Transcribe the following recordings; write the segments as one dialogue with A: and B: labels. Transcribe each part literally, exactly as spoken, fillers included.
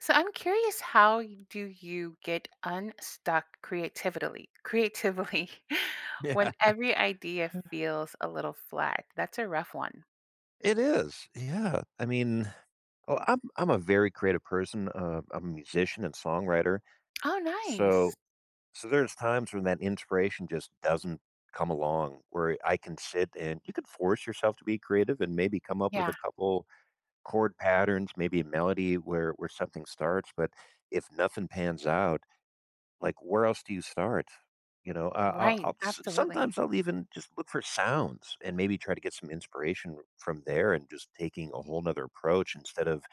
A: So I'm curious how do you get unstuck creativitily creatively
B: Yeah.
A: when every idea feels a little flat. That's a rough one.
B: It is. Yeah. I mean oh, I'm I'm a very creative person, uh, I'm a musician and songwriter.
A: Oh, nice.
B: So so there's times when that inspiration just doesn't come along where I can sit and you could force yourself to be creative and maybe come up with a
A: Yeah.
B: couple chord patterns, maybe a melody where where something starts, but if nothing pans out, like, where else do you start? You know? I I'll
A: Right.
B: I'll s
A: Absolutely.
B: sometimes I'll even just look for sounds and maybe try to get some inspiration from there and just taking a whole 'nother approach instead of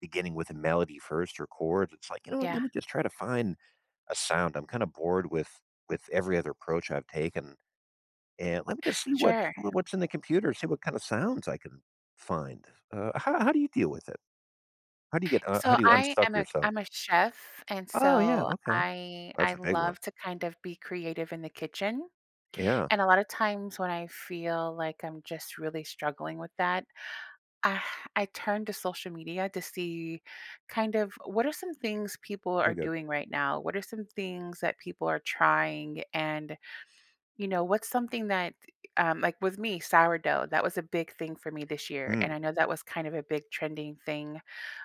B: beginning with a melody first or chords. It's like, "You know what? Let
A: Yeah.
B: me just try to find a sound. I'm kinda bored with with every other approach I've taken, and let me just see what
A: Sure.
B: wha what's in the computer, see what kinda sounds I can find." Uh, how how do you deal with it? How do you get uh, how
A: So
B: do you
A: I
B: unstuck
A: am a
B: yourself?
A: I'm a chef, and
B: Oh, yeah.
A: so
B: Okay.
A: I
B: That's
A: I
B: a big one.
A: love to kind of be creative in the kitchen.
B: Yeah.
A: And a lotta times when I feel like I'm just really struggling with that, I turn to social media to see kind of what are some things people are
B: Pretty good.
A: doing right now, what are some things that people are trying, and, you know, what's something that, e eh, um, like, with me, sourdough, that was a big thing for me this year. And
B: Mm.
A: I know that was kind of a big trending thing,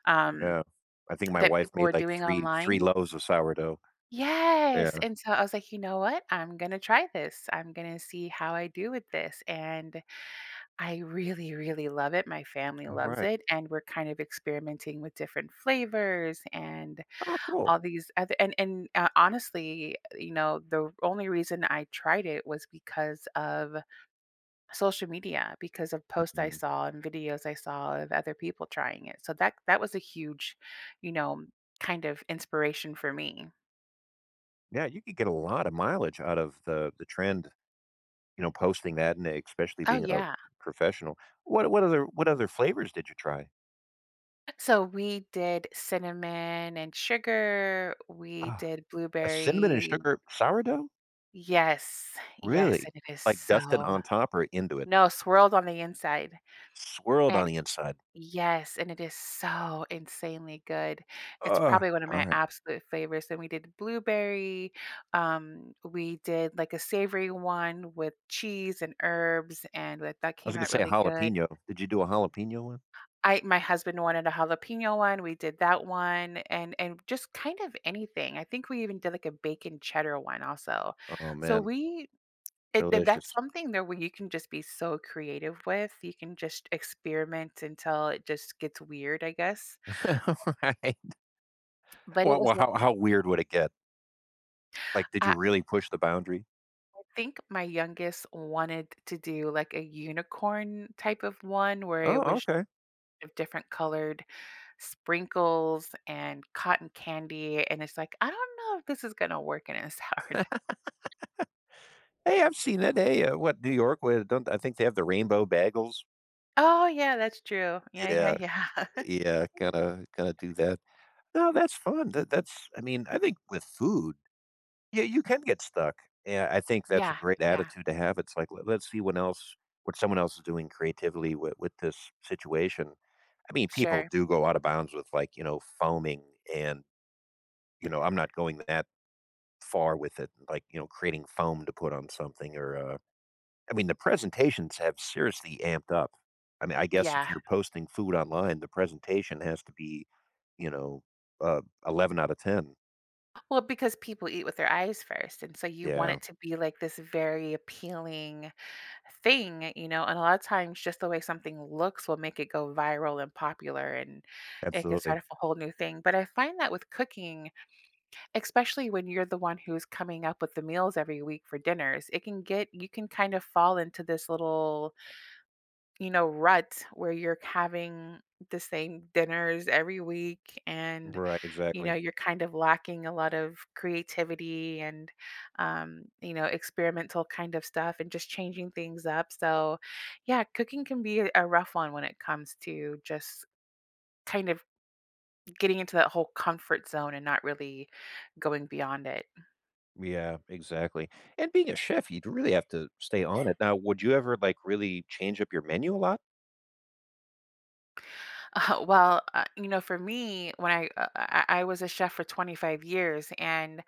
A: um,
B: Yeah. I think my
A: that
B: wife
A: people were
B: made like
A: doing
B: three three
A: online.
B: loaves of sourdough.
A: Yes!
B: Yeah.
A: And so I was like, "You know what? I'm gonna try this. I'm gonna see how I do with this." And I really, really love it, my family loves
B: Alright.
A: it, and we're kind of experimenting with different flavors and
B: Oh, cool.
A: all these oth and and, uh honestly, you know, the only reason I tried it was because of social media, because of post I
B: Mhm.
A: saw and videos I saw of other people trying it. So that that was a huge, you know, kind of inspiration for me.
B: Yeah, you could get a lotta mileage out of the the trend, you know, posting that, and expecially
A: Oh,
B: being a
A: yeah.
B: professional. What what other what other flavors did you try?
A: So, we did cinnamon, and sugar. We
B: Ah,
A: did
B: a cinnamon and
A: blueberry
B: sugar sourdough?
A: Yes, yes,
B: Really?
A: and it is
B: Like, dusted
A: so
B: on top, or into it?
A: No, swirled on the inside
B: Swirled on
A: And
B: the inside.
A: Yes, and it is so insanely good. It's probably one of my
B: Alright.
A: absolute favorites. Then we did blueberry, um, we did, like, a savory one with cheese and herbs, and but, that
B: I was
A: came
B: gonna
A: out
B: say,
A: really good.
B: jalapeno did you do a jalapeno one?
A: I my husband wanted a jalapeno one. We did that one, and and just kind of anything, I think we even did, like, a bacon cheddar one, also.
B: Oh,
A: So,
B: man.
A: we it th that's
B: Delicious.
A: something that where you can just be so creative with. You can just experiment until it just gets weird, I guess.
B: Right.
A: But it
B: Well
A: was
B: well,
A: wa
B: how how weird would it get? Like, did you
A: I
B: really push the boundary?
A: I think my youngest wanted to do, like, a unicorn type of one where it
B: Oh,
A: was
B: okay.
A: of different colored sprinkles, and cotton candy, and it's like, "I don't know if this is gonna work in a sourdough.“
B: Hey, I've seen it. They, uh, what, New York with don't I think they have the rainbow bagels.
A: Oh, yeah, that's true. Yeah, yeah,
B: Yeah,
A: yeah.
B: yeah, gotta gotta do that. No, that's fun, that that's, I mean, I think with food Yeah, you can get stuck. Yeah, I think that's a
A: Yeah,
B: great
A: yeah.
B: attitude to have, it's like, l let's see what else what someone else is doing creatively w with this situation. I mean, people
A: Sure.
B: do go out of bounds with, like, you know, foaming and, you know I'm not going that far with it, like, you know, creating foam to put on something, or, uh I mean, the presentations have seriously amped up. I mean, I guess if
A: Yeah.
B: you're posting food online, the presentation has to be, you know, uh, eleven outta ten.
A: Well, because people eat with their eyes first, and so you want
B: Yeah.
A: it to be, like, this very appealing thing, you know, and a lotta times, just the way something looks will make it go viral and popular, and it can start
B: Absolutely.
A: off a whole new thing, but I find that with cooking, expecially when you're the one who's coming up with the meals every week for dinners, it can get you can kind of fall into this little you know, rut where you're having the same dinners every week and,
B: Right,
A: you
B: exactly.
A: know, you're kind of lacking a lot of creativity and, um, you know, experimental kind of stuff, and just changing things up. So, yeah, cooking can be a rough one when it comes to just, kind of, getting into that whole comfort zone, and not really going beyond it.
B: Yeah, exactly, and being a chef, you'd really have to stay on it. Now would you ever, like, really change up your menu a lot?
A: Uh, well, uh, you know, for me, when I I I was a chef for twenty five years, and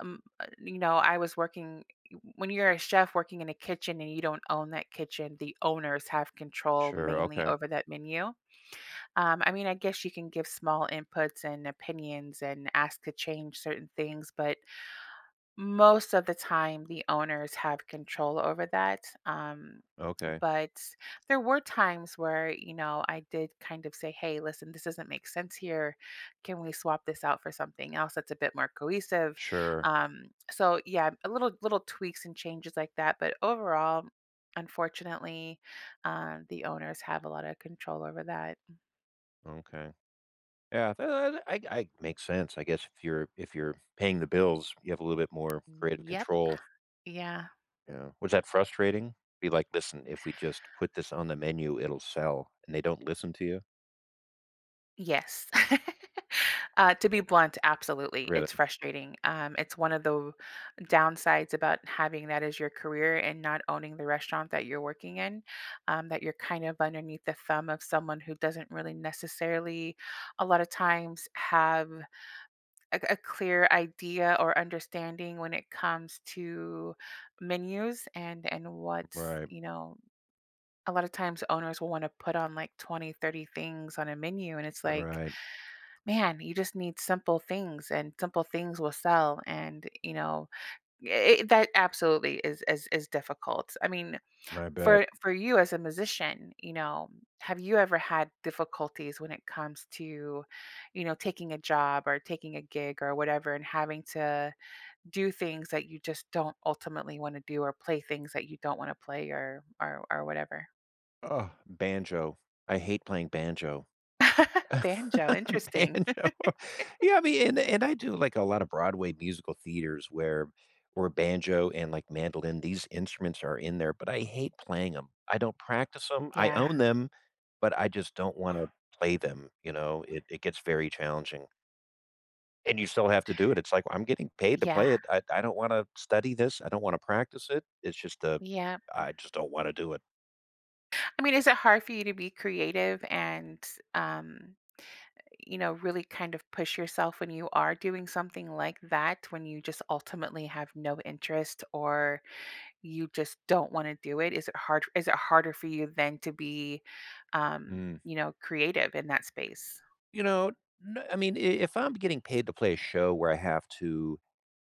A: mm, uh, you know, I was working w when you're a chef working in a kitchen and you don't own that kitchen, the owners have control
B: Sure,
A: mainly
B: okay.
A: over that menu. Um, I mean, I guess you can give small inputs and opinions and ask to change certain things, but, most of the time, the owners have control over that. Um,
B: Okay.
A: but, there were times where, you know, I did kind of say, "Hey, listen, this doesn't make sense here. Can we swap this out for something else that's a bit more cohesive?"
B: Sure.
A: Um, so, yeah, a little little tweaks and changes like that, but overall, unfortunately, um, the owners have a lot of control over that.
B: Okay. Yeah, i i I I makes sense. I guess if you're if you're paying the bills, you have a little bit more creative
A: Yep.
B: control.
A: Yeah.
B: Yeah, was that frustrating? Be like, "Listen, if we just put this on the menu, it'll sell," and they don't listen to you?
A: Yes. Uh, to be blunt, absolutely,
B: Really?
A: it's frustrating, um, it's one of tho downsides about having that as your career, and not owning the restaurant that you're working in, um, that you're kind of underneath the thumb of someone who doesn't really, necessarily, a lotta times, have a a clear idea or understanding when it comes to menus, and and what's,
B: Right.
A: you know a lot of times, owners will wanna put on, like, twenty, thirty things on a menu, and it's, like,
B: Right.
A: "Man, you just need simple things, and simple things will sell," and, you know, it it that absolutely is is is difficult, I mean,
B: I bet.
A: for for you as a musician, you know, have you ever had difficulties when it comes to, you know, taking a job, or taking a gig, or whatever, and having to do things that you just don't ultimately wanna do, or play things that you don't wanna play or or or whatever?
B: Ugh, banjo, I hate playing banjo.
A: Banjo? Interesting.
B: Banjo. Yeah, I mean, and I do, like, a lot of Broadway musical theaters, where where banjo and, like, mandolin, these instruments are in there, but I hate playing 'em, I don't practice 'em, I
A: Yeah.
B: own them, but I just don't wanna play them, you know? It it gets very challenging. And you still have to do it. It's like, "I'm getting paid to
A: Yeah.
B: play it. I I don't wanna study this. I don't wanna practice it." It's just a
A: Yep. Mm.
B: I just don't wanna do it.
A: I mean, is it hard for you to be creative and, um, you know, really kind of push yourself when you are doing something like that when you just ultimately have no interest or you just don't wanna do it, is it hard is it harder for you then to be, um,
B: Mm.
A: you know, creative in that space?
B: You know, n I mean, i if I'm getting paid to play a show where I have to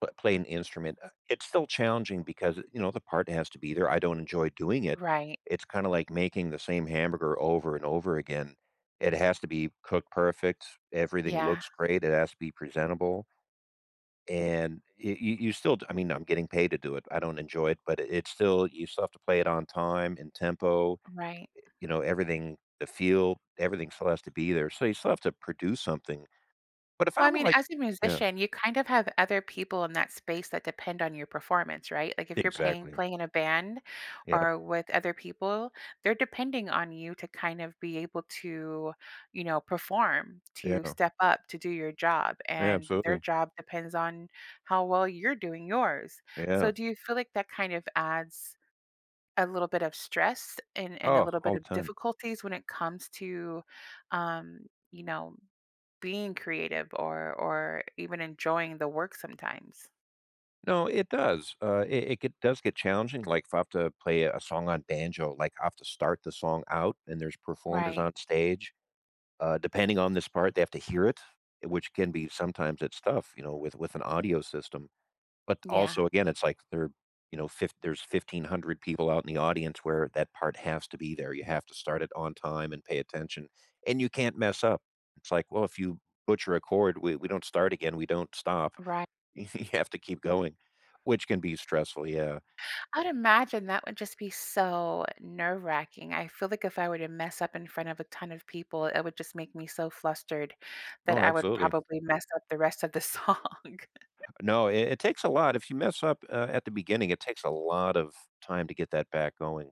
B: p play an instrument, uh, it's still challenging because, you know, the part has to be there. I don't enjoy doing it.
A: Right.
B: It's kinda like making the same hamburger over and over again. It has to be cooked perfect. Everything
A: Yeah.
B: looks great, it has to be presentable and i y you still I mean, I'm getting paid to do it, I don't enjoy it, but i it's still you still have to play it on time, in tempo,
A: Right.
B: eh, you know, everything the feel, everything still has to be there. So you still have to produce something. But if
A: Well, I
B: I'm,
A: mean,
B: like
A: as a
B: Yeah.
A: musician, you kind of have other people in that space that depend on your performance, right? Like, if you're paying
B: Exactly.
A: playing in a band
B: Yep.
A: or with other people, they're depending on you to kind of be able to, you know, perform, to
B: Yeah.
A: step up, to do your job,
B: Yeah.
A: and their
B: Absolutely.
A: job depends on how well you're doing yours. So,
B: Yeah.
A: do you feel like that kind of adds a little bit of stress and and a
B: Oh,
A: little bit
B: all the
A: of
B: time.
A: difficulties when it comes to, um, you know, being creative or or even enjoying the work sometimes?
B: No, it does, uh, it it get does get challenging, like, if I have to play a song on banjo, like, I have to start the song out and there's performers
A: Right.
B: on stage, uh, depending on this part, they have to hear it, uh, which can be sometimes it's tough, you know, with with an audio system, but
A: Yeah.
B: also, again, it's like there, you know, fifth there's fifteen hundred people out in the audience where that part has to be there, you have to start it on time and pay attention, and you can't mess up, it's like, well, if you butcher a chord, we we don't start again, we don't stop,
A: Righ
B: you you have to keep going, which can be stressful, yeah.
A: I'd imagine that would just be so nerve-racking, I feel like if I were to mess up in front of a ton of people, it would just make me so flustered that
B: Oh,
A: I would
B: absolutely.
A: probably mess up the rest of the song.
B: No. It it takes a lot, if you mess up, uh, at the beginning, it takes a lot of time to get that back going.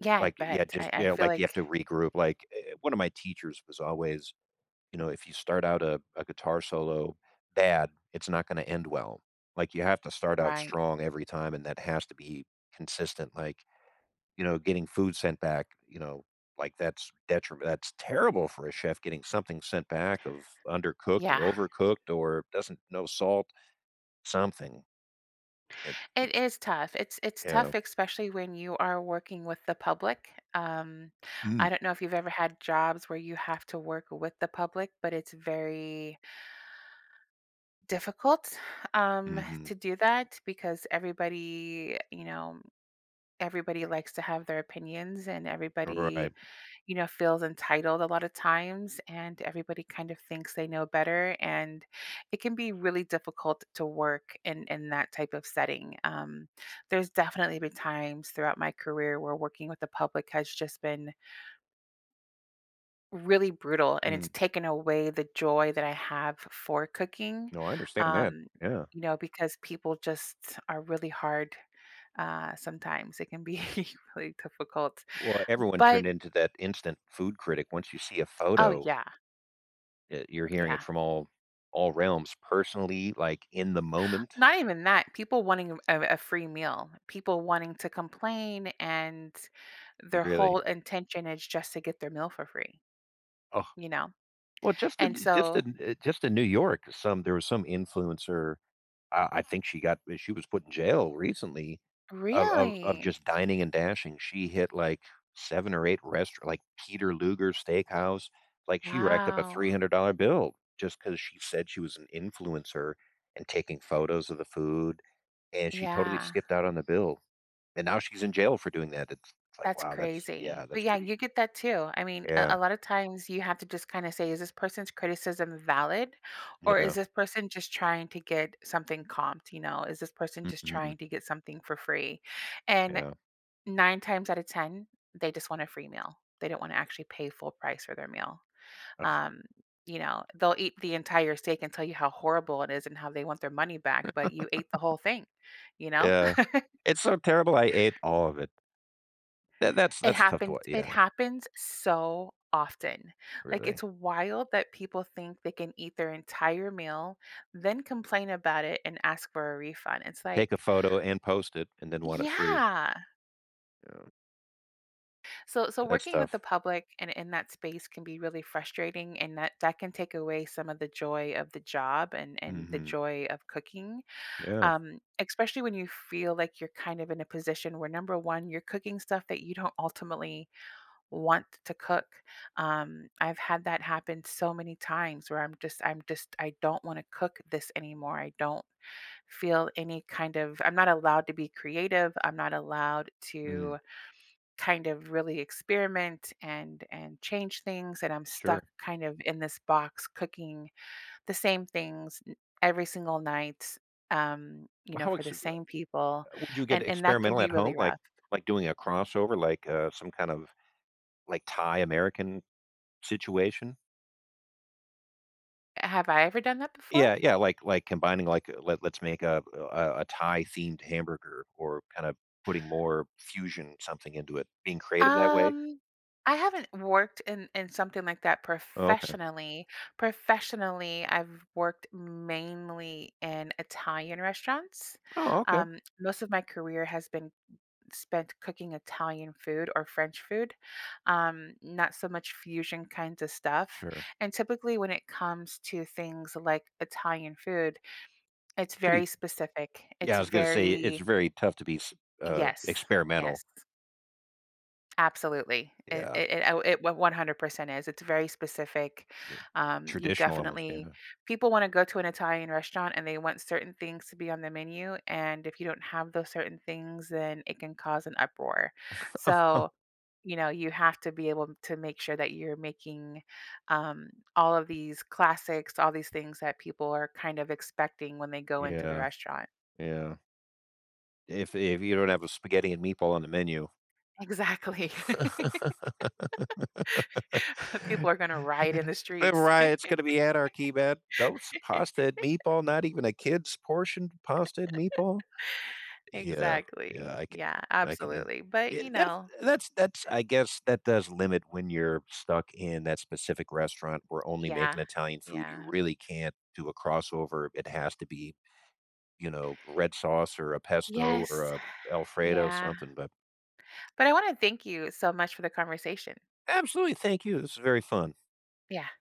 A: Yeah, I
B: Like, yeah,
A: bet,
B: just
A: I I
B: yeah,
A: feel
B: like, you have
A: like
B: to regroup, like, e e One of my teachers was always You know, if you start out a a guitar solo bad, it's not gonna end well, like, you have to start out
A: Right.
B: strong every time, and that has to be consistent, like, you know, getting food sent back, you know, like, that's detriment That's terrible for a chef getting something sent back of undercooked or
A: Yeah.
B: overcooked or doesn't no salt, something. It
A: It
B: it's
A: is tough, it's it's tough,
B: Yeah.
A: especially when you are working with the public. Um, I
B: Mm.
A: don't know if you've ever had jobs where you have to work with the public, but it's very difficult, um,
B: Mhm.
A: to do that because everybody, you know, everybody likes to have their opinions, and
B: You're
A: everybody,
B: right.
A: you know, feels entitled a lotta times, and everybody kind of thinks they know better, and it can be really difficult to work in in that type of setting, um, there's definitely been times throughout my career where working with the public has just been really brutal, and it's
B: Mm.
A: taken away the joy that I have f for cooking,
B: No, I understand that.
A: um,
B: Yeah.
A: you know, because people just are really hard, uh, sometimes, it can be really difficult.
B: Well, everyone
A: But
B: turned into that instant food critic once you see a
A: Oh,
B: photo.
A: yeah.
B: Eh, you're hearing it
A: Yeah.
B: from all all realms personally, like, in the moment.
A: Not even that, people wanting a a a free meal, people wanting to complain, and their
B: Really?
A: whole intention is just to get their meal for free.
B: Ugh.
A: You know?
B: Well, just
A: And
B: in just
A: so
B: in uh, just in New York, some there was some influencer, uh, I think she got we she was put in jail recently of of of
A: Really?
B: just dining and dashing. She hit, like, seven or eight rest like, Peter Luger's steakhouse, like, she racked up a three
A: Wow.
B: hundred dollar bill just 'cause she said she was an influencer and taking photos of the food, and she totally
A: Yeah.
B: skipped out on the bill, and now she's in jail for doing that, it's like,
A: That's
B: wow, that's
A: crazy,
B: yeah,
A: but,
B: that's
A: yeah,
B: pretty
A: you get that too. I mean, a
B: Yeah.
A: a lotta times, you have to just kinda say, "Is this person's criticism valid? Or
B: Yeah.
A: is this person just trying to get something comped?" you know, "Is this person just
B: Mhm.
A: trying to get something for free?" and
B: Yeah.
A: nine times outta ten, they just want a free meal, they don't wanna actually pay full price for their meal,
B: Uh
A: um, you know, they'll eat the entire steak and tell you how horrible it is and how they want their money back, but you ate the whole thing. You know?
B: Yeah. It's so terrible, I ate all of it. That that's
A: It
B: that's tough to wa
A: happened it
B: yeah.
A: happens so often, like,
B: Really.
A: it's wild that people think they can eat their entire meal, then complain about it and ask for a refund, it's
B: Take a
A: like
B: photo and post it, and then want it free.
A: Yeah.
B: Yeah.
A: So so,
B: That's
A: working with the
B: tough.
A: public in in that space can be really frustrating, and that that can take away some of the joy of the job and and the
B: Mhm.
A: joy of cooking,
B: Yeah.
A: um, expecially when you feel like you're kind of in a position where, number one, you're cooking stuff that you don't ultimately want t to cook, um, I've had that happen so many times where I'm just I'm just I don't wanna cook this anymore, I don't feel any kind of I'm not allowed to be creative, I'm not allowed
B: Mhm.
A: to, kind of, really experiment and and change things, and I'm
B: Sure.
A: stuck, kind of in this box cooking the same things n every single night, um, you know,
B: How
A: for
B: ex
A: the same people,
B: would you get
A: and and that can
B: experimental
A: be
B: at home,
A: really
B: like
A: rough.
B: like doing a crossover, like, a some kind of, like, Thai-American situation?
A: Have I ever done that before?
B: Yeah, yeah, like like, combining, like let let's make a a a Thai-themed hamburger or, kind of putting more fusion something into it, being creative that way?
A: Um, I haven't worked in in something like that
B: Oh, okay.
A: professionally. Professionally, I've worked, mainly, in Italian restaurants,
B: Oh, okay.
A: um, most of my career has been spent cooking Italian food or French food, um, not so much fusion kinds of stuff,
B: Sure.
A: and, typically, when it comes to things like Italian food, it's
B: It's
A: very
B: pretty
A: specific,
B: yeah,
A: it's
B: I was gonna say it's
A: very
B: very tough to be s uh,
A: Yes,
B: experimental.
A: yes. Absolutely. It
B: Yeah.
A: it it oh, it one one hundred percent is. It's very specific.
B: Ye
A: Um, you
B: traditional, almost,
A: definitely
B: yeah.
A: people wanna go to an Italian restaurant, and they want certain things to be on the menu, and if you don't have those certain things, then it can cause an uproar. So, you know, you have to be able to make sure that you're making, um, all of these classics, all these things that people are kind of expecting when they go into the
B: Yeah.
A: restaurant.
B: Yeah. If if you don't have a spaghetti and meatball on the menu.
A: Exactly. People are gonna riot in the
B: The
A: streets.
B: riot's gonna be anarchy, man, "Those pasta and meatball not even a kid's portion of pasta and meatball?" Yeah, yeah.
A: Exactly.
B: I can
A: Yeah,
B: I can hea
A: absolutely. But,
B: Yeah,
A: you
B: that's
A: know
B: that's that's I guess, that does limit when you're stuck in that specific restaurant where only making
A: Yeah.
B: Italian food. You
A: Yeah.
B: really can't do a crossover, it has to be, you know, red sauce or a pesto or
A: Yes.
B: a Alfredo,
A: Yeah.
B: something, but
A: But I wanna thank you so much for the conversation.
B: Absolutely, thank you. This was very fun.
A: Yeah.